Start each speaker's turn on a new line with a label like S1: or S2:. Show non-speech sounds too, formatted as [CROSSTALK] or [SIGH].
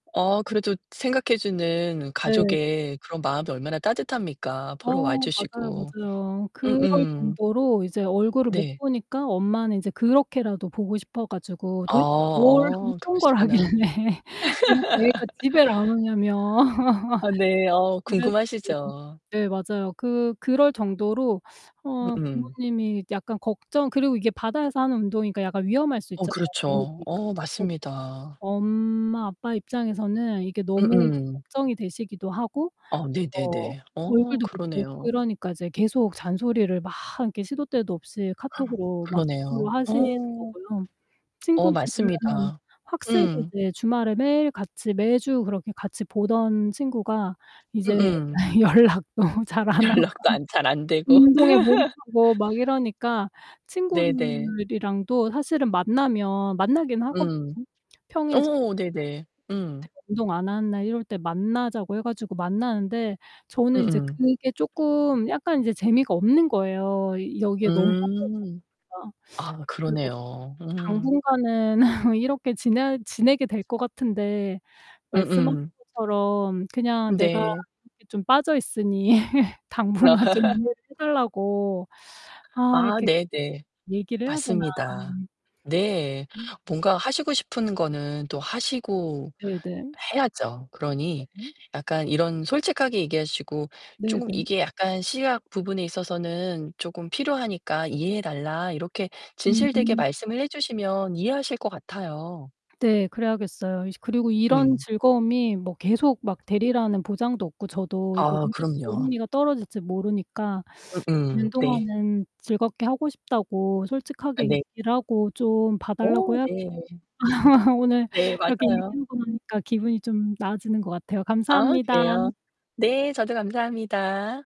S1: 어, 그래도 생각해 주는
S2: 네.
S1: 가족의 그런 마음이 얼마나 따뜻합니까? 보러 와
S2: 어, 맞아요,
S1: 주시고.
S2: 맞아요. 그럴
S1: 음음.
S2: 정도로 이제 얼굴을 못
S1: 네.
S2: 보니까 엄마는 이제 그렇게라도 보고 싶어 가지고
S1: 어,
S2: 도대체 뭘
S1: 어.
S2: 어떤 걸 하길래
S1: 그러시구나.
S2: [LAUGHS] 이렇게 애가 집을 안
S1: [LAUGHS]
S2: 오냐며.
S1: 아, 네.
S2: [LAUGHS]
S1: 어,
S2: 그래서
S1: 궁금하시죠.
S2: 네네. 네, 맞아요. 그 그럴 정도로 어
S1: 음음.
S2: 부모님이 약간 걱정 그리고 이게 바다에서 하는 운동이니까 약간 위험할 수
S1: 어,
S2: 있잖아요,
S1: 그렇죠.
S2: 물놀이니까.
S1: 어,
S2: [UNINTELLIGIBLE]
S1: 맞습니다.
S2: 엄마 아빠 입장에서는 이게 너무
S1: 음음.
S2: 걱정이 되시기도 하고
S1: 아,
S2: 어
S1: 네네네. 어,
S2: 얼굴도 못 보고
S1: 그러네요.
S2: 이러니까 이제 계속 잔소리를 막 이렇게 시도 때도 없이
S1: [GASPS]
S2: 카톡으로 막
S1: 그러네요.
S2: [UNINTELLIGIBLE] 하시는
S1: 어.
S2: 거고요.
S1: 어,
S2: 친구들은
S1: 맞습니다.
S2: 확실히
S1: 음.
S2: 이제 주말에 매일 같이 매주 그렇게 같이 보던 친구가 이제
S1: 음음.
S2: 연락도 잘 안 하고
S1: 연락도 안 잘 안 되고.
S2: 운동에
S1: [LAUGHS]
S2: 몰입하고 막 이러니까
S1: 네 네.
S2: 친구들이랑도 사실은 만나면 만나긴 하거든요.
S1: 음. 어
S2: 평일 저녁에. 제가
S1: 어. 네네. 음.
S2: 운동 안 하는 날 이럴 때 만나자고 해 가지고 만나는데 저는 이제
S1: 음음.
S2: 그게 쪼끔 약간 이제 재미가 없는 거예요. 이 여기에 너무 빠져있다
S1: 음.
S2: 보니까.
S1: 아,
S2: 그래서
S1: 그러네요. 음.
S2: 당분간은 [LAUGHS] 이렇게 지내야 지내게 될 것 같은데
S1: 음
S2: 말씀하신
S1: 음.
S2: 것처럼 그냥 내가
S1: 네.
S2: 이렇게 좀 빠져있으니 당분간 좀 이해를 좀
S1: [LAUGHS]
S2: 해달라고 아
S1: 아,
S2: 이렇게
S1: 네네.
S2: 얘기를 해야 되나.
S1: 맞습니다. 네.
S2: 음.
S1: 뭔가 하시고 싶은 거는 또 하시고
S2: 네 네.
S1: 해야죠. 그러니
S2: 네.
S1: 약간 이런 솔직하게 얘기하시고
S2: 네
S1: "쪼금
S2: 네.
S1: 이게 약간 시약 부분에 있어서는 쪼금 필요하니까 이해해 달라." 이렇게 진실되게
S2: 음.
S1: 말씀을 해 주시면 이해하실 것 같아요.
S2: 네, 그래야겠어요. 이제 그리고 이런
S1: 음.
S2: 즐거움이 뭐 계속 막 되리라는 보장도 없고 저도 이게
S1: 아,
S2: 언제 또
S1: 그럼요.
S2: 흥미가 떨어질지 모르니까
S1: 음음.
S2: [UNINTELLIGIBLE]
S1: 네.
S2: 동안은 즐겁게 하고 싶다고
S1: 아
S2: 솔직하게
S1: 네.
S2: 얘기를 하고 좀
S1: 어,
S2: 봐달라고 해야
S1: 네.
S2: [LAUGHS] 오늘
S1: 네,
S2: 이렇게
S1: 맞아요.
S2: 얘기하고 나니까 기분이 좀 나아지는 것 같아요.
S1: 아,
S2: 감사합니다.
S1: 그래요? 네, 저도 감사합니다.